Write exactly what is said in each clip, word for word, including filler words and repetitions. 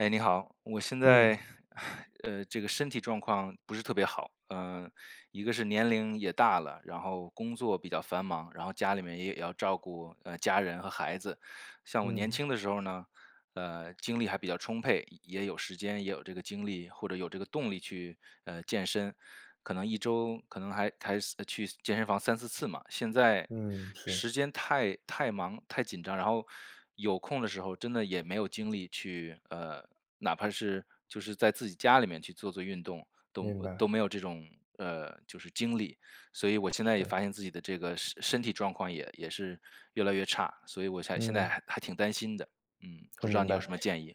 哎，你好。我现嗯。在，呃，这个身体状况不是特别好，呃，一个是年龄也大了，然后工作比较繁忙，然后家里面也也要照顾，呃，家人和孩子。像我年嗯。轻的时候呢，呃，精力还比较充沛，也也有时间，也有这个精力，或者有这个动力去，呃，健身，可能一周可能还还司呃，去健身房三四次嘛。现在嗯，是。时间太太忙、太紧张，然后，有空的时候真的也没有精力去呃，哪怕是就是在自己家里面去做做运动，都明呃，都白。没有这种，呃，就是精力。所以我现在也发是。现自己的这个身身体状况也也是越来越差，所以我想现在嗯。还还挺担心的。嗯，不我知道明你有白，什么建议？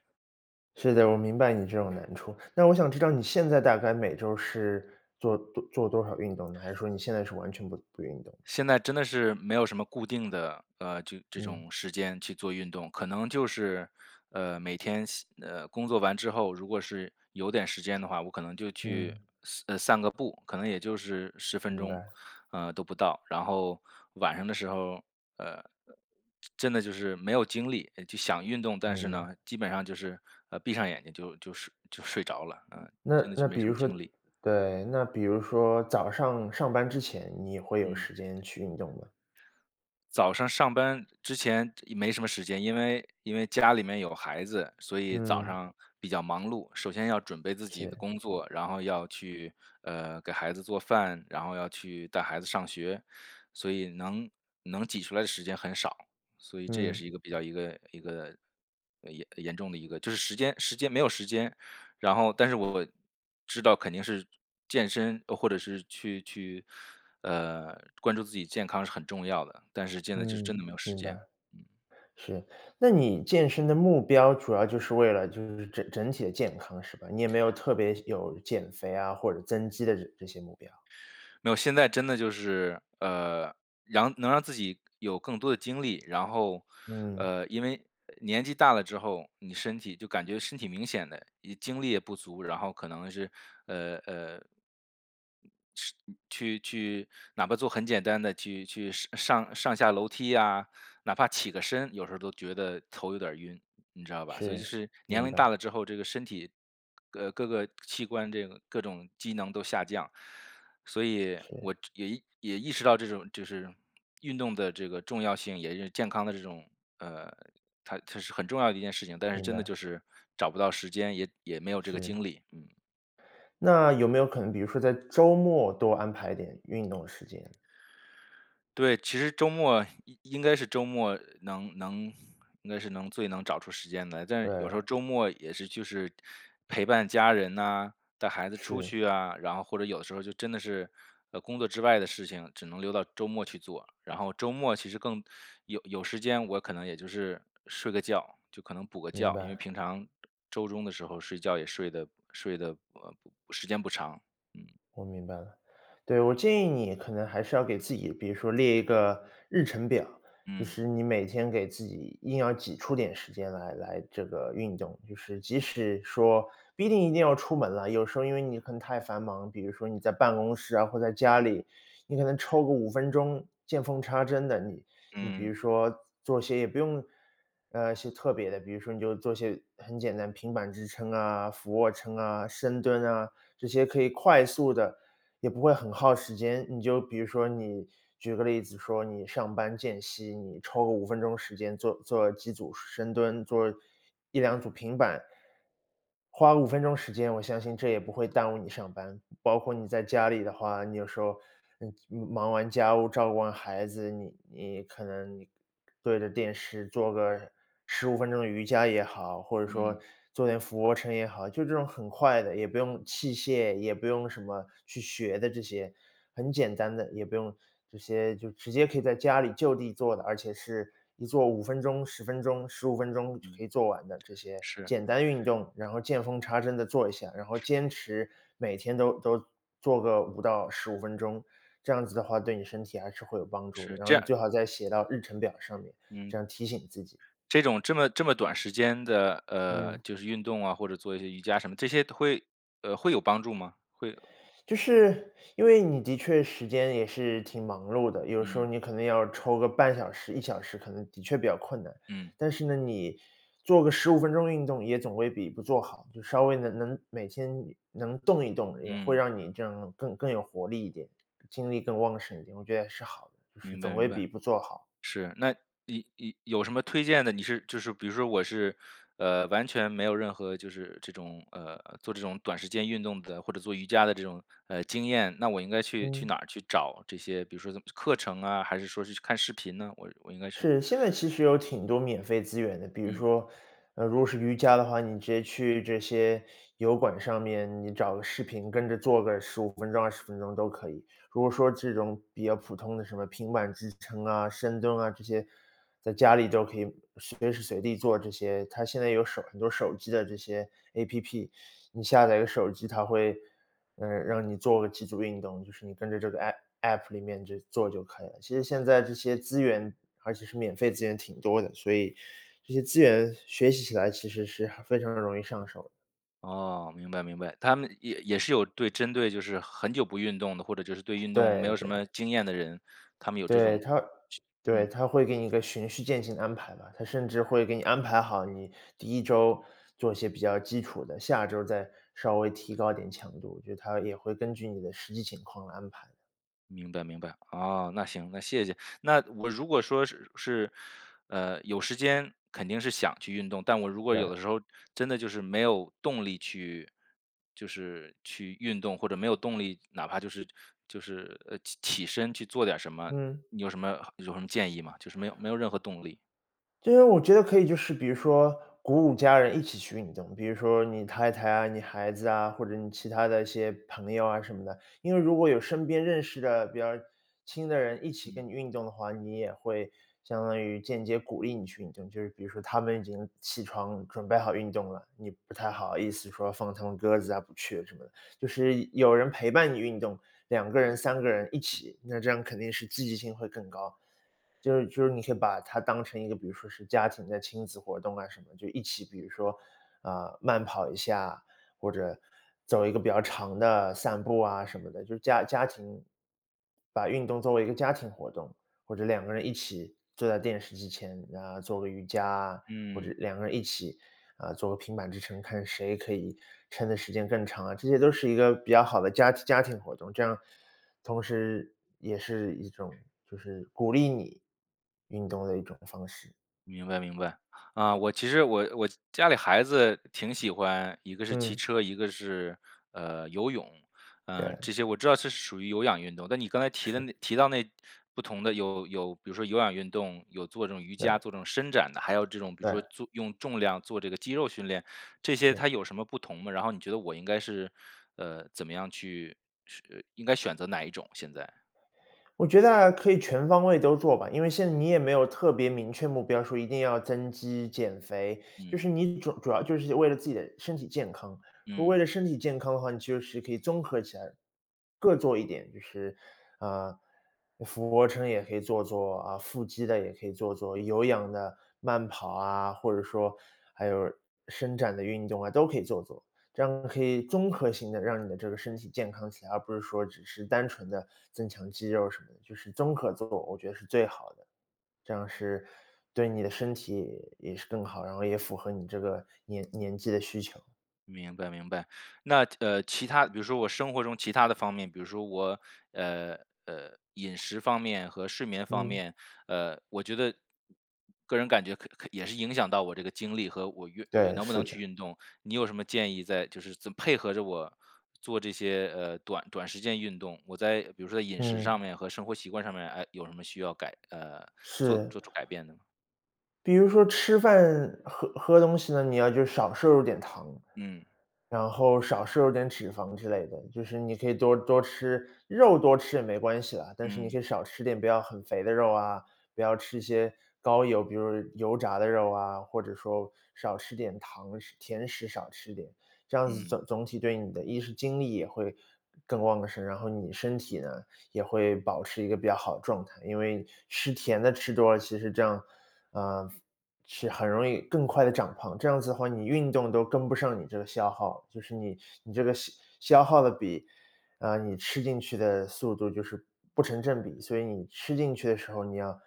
是的我明白你这种难处。那我想知道，你现在大概每周是做多做多少运动呢？还是说你现在是完全不不运动？现在真的是没有什么固定的，呃，这这嗯。种时间去做运动。可能就是，呃，每天先呃，工作完之后如果是有点时间的话，我可能就去嗯。散呃，散个步，可能也就是十分明钟，白。呃，都不到。然后晚上的时候儿，呃，真真的就是没有精力呃，就想运动，但是明白。呢，基本上就是，呃，闭上眼睛就就睡就睡着了，嗯，那真的是那没比什如么说精力。对，那比如说早上上班之前，你会有嗯。时间去运动吗？早上上班之前没什么时间，因为因为家里面有孩子，所以早嗯。上比较忙碌，首先要准备自己的是。工作，然后要去，呃，给孩子做饭，然后要去带孩子上学。所以能能挤出来的时间很少，所以这也是嗯。一个比较一个一个呃，呃，严重的一个就是时间时间没有时间。然后，但是我我知道肯定是健身呃，或者是去去，呃，关注自己健康是很重要的，但是现在就真嗯，的没有时明白，间。是。那你健身的目标，主要就是为了就是整整体的健康，是吧？你也没有特别有减肥啊，或者增肌的这这些目标。没有，现在真的就是呃，瓤能让自己有更多的精力。然后嗯。呃，因为年纪大了之后，你身体就感觉身体明显地一精力也不足，然后可能是呃，呃，是去去哪怕做很简单的去去上呃，上上下楼梯呀，哪怕起个身，有时候儿都觉得头有点儿晕，你知道吧。所以就是，是年明龄大白。了之后，这个身体，呃，各个器官这个各种机能都下降。所以，是。我这也意也意识到这种就是运动的这个重要性，也是健康的这种呃，它它是很重要的一件事情，但是明真的白。就是找不到时间，也也没有这个是。精力，嗯。那有没有可能，比如说在周末多安排点运动时间？对，其实是周末应应该是周末能能应该是能最能找出时间来。但有时候对。周末也是就是陪伴家人呐，带孩子出是。去啊，然后或者有的时候，就真的是，呃，工作之外的事情，只能留到周末去做。然后周末其实更有有时间我可能也就是睡个觉，就可能补个明觉，因为白。平常周中的时候睡觉，也睡得睡得，呃，时间不长，嗯。我明白了。对，我建议你可能还是要给自己，比如说列一个日程表，就嗯。是你每天给自己硬要挤出点时间来来这个运动。就是即使说不一定一定要出门了，有时候因为你可能太繁忙，比如说你在办公室啊，或在家里，你可能抽个五分钟，见缝插针地，你你比嗯。如说做些也不用呃，一些特别的，比如说你就做一些很简单，平板支撑啊、俯卧撑啊、深蹲啊，这些可以快速地也不会很耗时间。你就比如说你举个例子说，你上班间隙，你抽个五分钟时间做做几组深蹲，做一两组平板，花五分钟时间，我相信这也不会耽误你上班。包括你在家里的话，你有时候，呃，你忙完家务，照顾完孩子，你你可能你对着电视做个十五分钟的瑜伽也好，或者说嗯。做点俯卧撑也好。就这种很快的，也不用器械，也不用什么去学的这些，很简单的，也不用这些就直接可以在家里就地做的，而且是一做五分钟、十分钟、十五分钟就可以做完的，这些嗯，是。简单运动，然后见缝插针地做一下，然后是。坚持每天都都做个五到十五分钟。这样子的话，对你身体还是会有帮助的。是，然这后你最样好再写到日程表上面，嗯。这样提醒自己。这种这么这么短时间的，呃，嗯。就是运动啊，或者做一些瑜伽什么，这些会呃，会有帮助吗？会就是，因为你的确时间也是挺忙碌的。有时候嗯。你可能要抽个半小时、一小时，可能的确比较困难。嗯。但是呢，你做个十五分钟运动也总归比不做好，就稍微地能能每天能动一动，也会嗯。让你这样更更有活力一点，精力更旺盛一点，我觉得也是好的，就是明白总明会白，比不做好。是。那你你有什么推荐的？你是就是比如说我是呃，完全没有任何就是这种，呃，做这种短时间运动的或者做瑜伽的这种，呃，经验，那我应该去去嗯。哪儿去找这些，比如说这什么课程啊，还是说是就看视频呢？我我应该是是，现在其实有挺多免费资源的，比如嗯。说，呃，如果是瑜伽的话，你直接去这些油管上面，你找个视频，跟着做个十五分钟、二十分钟都可以。如果说这种比较普通的什么平板支撑啊，深蹲啊，这些，在家里都可以随时随地做这些。它现在有手很多手机的这些 APP，你下载一个手机，它会呃，让你做个几组运动，就是你跟着这个 APP APP 里面就做就可以了。其实现在这些资源，而且是免费资源挺多的，所以这些资源学习起来，其实是很非常容易上手。哦，明白明白。他们也也是有对针对就是很久不运动的，或者就是对运动没对有什么对。经验的人，他们有这对，种去它对，嗯。它会给你一个循序渐进的安排吧，它甚至会给你安排好你第一周，做一些比较基础的，下周再稍微提高一点强度。我觉得它也会根据你的实际情况来安排的。明白明白。哦，那行，那谢谢。那我如果说是是，呃，有时间肯定是想去运动，但我如果有对。的时候真的就是没有动力去就是去运动或者没有动力哪怕就是就是呃，起身去做点儿什么，嗯。你有什么有什么建议吗？就是没有没有任何动力。就是我觉得可以就是比如说，鼓舞家人一起去运动，比如说你太太啊，你孩子啊，或者你其他的一些朋友啊什么的。因为如果有身边认识的比较亲的人一起跟嗯。你运动的话，你也会相当于间接鼓励你去运动。就是比如说他们已经起床，准备好运动了，你不太好意思说，放他们鸽子啊，不去什么的，就是有人陪伴你运动，两个人，三个人一起，那这样肯定是积极性会更高。就是就是你可以把它当成一个比如说是家庭的亲子活动啊什么，就一起比如说，呃，慢跑一下，或者走一个比较长的散步啊什么的，就家家庭把运动作为一个家庭活动。或者两个人一起坐在电视机前，那做个瑜伽啊，或者嗯。两个人一起，呃，做个平板支撑，看谁可以撑得时间更长啊，这些都是一个比较好的家家庭活动，这样同时也是一种就是鼓励你运动的一种方式。明白明白。呃，我其实我我家里孩子挺喜欢一个是骑嗯。车，一个是，呃，游泳，呃，对。这些我知道这是属于有氧运动。但你刚才提的是。那提到那不同的有有比如说有氧运动，有做这种瑜伽，对。做这种伸展的，还有这种比如说对。做用重量做这个肌肉训练，这些是。它有什么不同吗？然后你觉得我应该是，呃，怎么样去是呃，应该选择哪一种，现在？我觉得啊，可以全方位都做吧，因为现在嗯。你也没有特别明确目标，说一定要增肌、减肥，就嗯。是你主要主要就是为了自己的身体健康。如果为嗯。了身体健康的话，你就是可以综合起来各做一点，就是，嗯，俯卧撑也可以做做啊，腹肌的也可以做做，有氧的慢跑啊，或者说，还有伸展的运动啊，都可以做做。这样可以综合性地让你的这个身体健康起来，而不是说只是单纯地增强肌肉什么的，就是综合做，我觉得是最好的。这样是对你的身体也是更好，然后也符合你这个年年纪的需求。明白明白，那，呃，其他比如说我生活中其他的方面，比如说我呃，呃，饮食方面和睡眠方嗯。面，呃，我觉得个人感觉可可也是影响到我这个精力和我运呃，对，能不是能去的。运动。你有什么建议在就是这配合着我做这些，呃，短短时间运动，我在比如说在饮食嗯。上面和生活习惯上面，哎，有什么需要改呃，做是。做出改变的吗？比如说吃饭、喝喝东西呢，你要就少摄入点糖，嗯。然后少摄入点脂肪之类的，就是你可以多多吃肉多吃也没关系啦，但是你可嗯。以少吃点，不要很肥的肉啊，不要吃一些高油，比如说油炸的肉啊，或者说少吃点糖，吃甜食少吃点。这样子嗯。总总体对你的一是精力也会更旺盛，然后你身体呢，也会保持一个比较好的状态。因为吃甜的吃多了，其实这样，啊，是很容易更快地长胖，这样子的话，你运动都跟不上你这个消耗，就是你你这个消消耗的比呃，你吃进去的速度，就是不成正比。所以你吃进去的时候，你要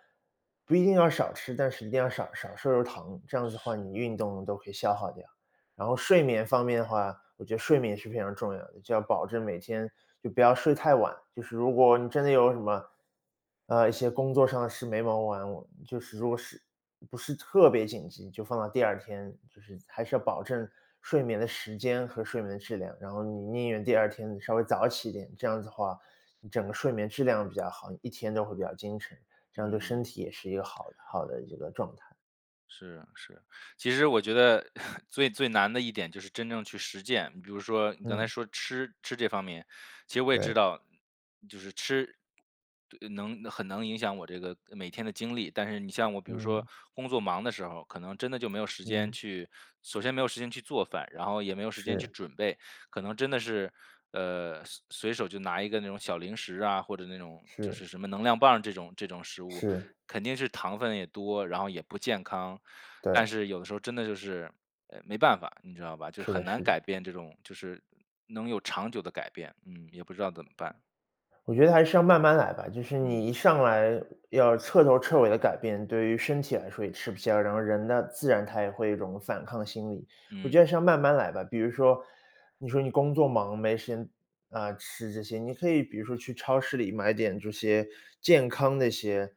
不一定要少吃，但是一定要少少摄入糖，这样子的话，是。你运动都可以消耗掉。然后睡眠方面的话，我觉得睡眠是非常重要的，就要保证每天就不要睡太晚，就是如果你真的有什么呃，一些工作上的事没忙完，就是如果是不是特别紧急，就放到第二天。就是还是要保证睡眠的时间和睡眠的质量，然后你宁愿第二天你稍微早起一点，这样子的话，整个睡眠质量比较好，一天都会比较精神，这样对身嗯。体也是一个好好的一个状态。是啊，是，其实我觉得 最最难的一点就是真正去实践，比如说你刚才嗯。说吃吃这方面，其实我也知对。道，就是吃对，能很能影响我这个每天的经历，但是你像我比如说嗯。工作忙的时候，可能真的就没有时间嗯。去首先没有时间去做饭，然后也没有时间去是。准备，可能真的是，呃，随随手就拿一个那种小零食啊，或者那种就是。是什么能量棒这种这种食物，是。肯定是糖分也多，然后也不健康。但对。是有的时候真的就是，呃，没办法，你知道吧？就是是很的难是的。改变这种就是能有长久的改变。嗯，也不知道怎么办。我觉得还是要慢慢来吧，就是你嗯。一上来要彻头彻尾地改变，对于身体来说也吃不消。然后人呢，自然他也会有一种反抗心理。我觉嗯。得是要慢慢来吧，比如说，你说你工作忙，没时间啊，吃这些你可以比如说去超市里买点这些健康的一些，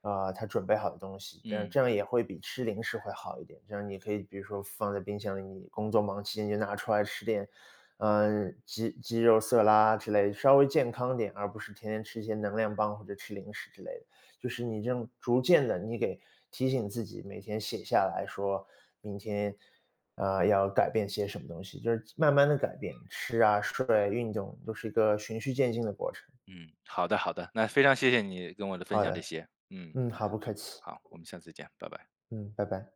啊，它准备好的东西，这样嗯。这样也会比吃零食会好一点。这样你可以比如说放在冰箱里，你工作忙期间就拿出来吃点，嗯，鸡鸡肉色拉之类，稍微健康点，而不是天天吃一些能量棒或者吃零食之类的。就是你这种逐渐地你给提醒自己，每天写下来说：“明天，呃，要改变些什么东西“，就是慢慢地改变，吃啊、睡啊、运动都是一个循序渐进的过程。嗯，好的好的，那非常谢谢你跟我的分好享，这的。些。嗯，嗯，好，不客气。好。我们下次再见，拜拜。嗯，拜拜。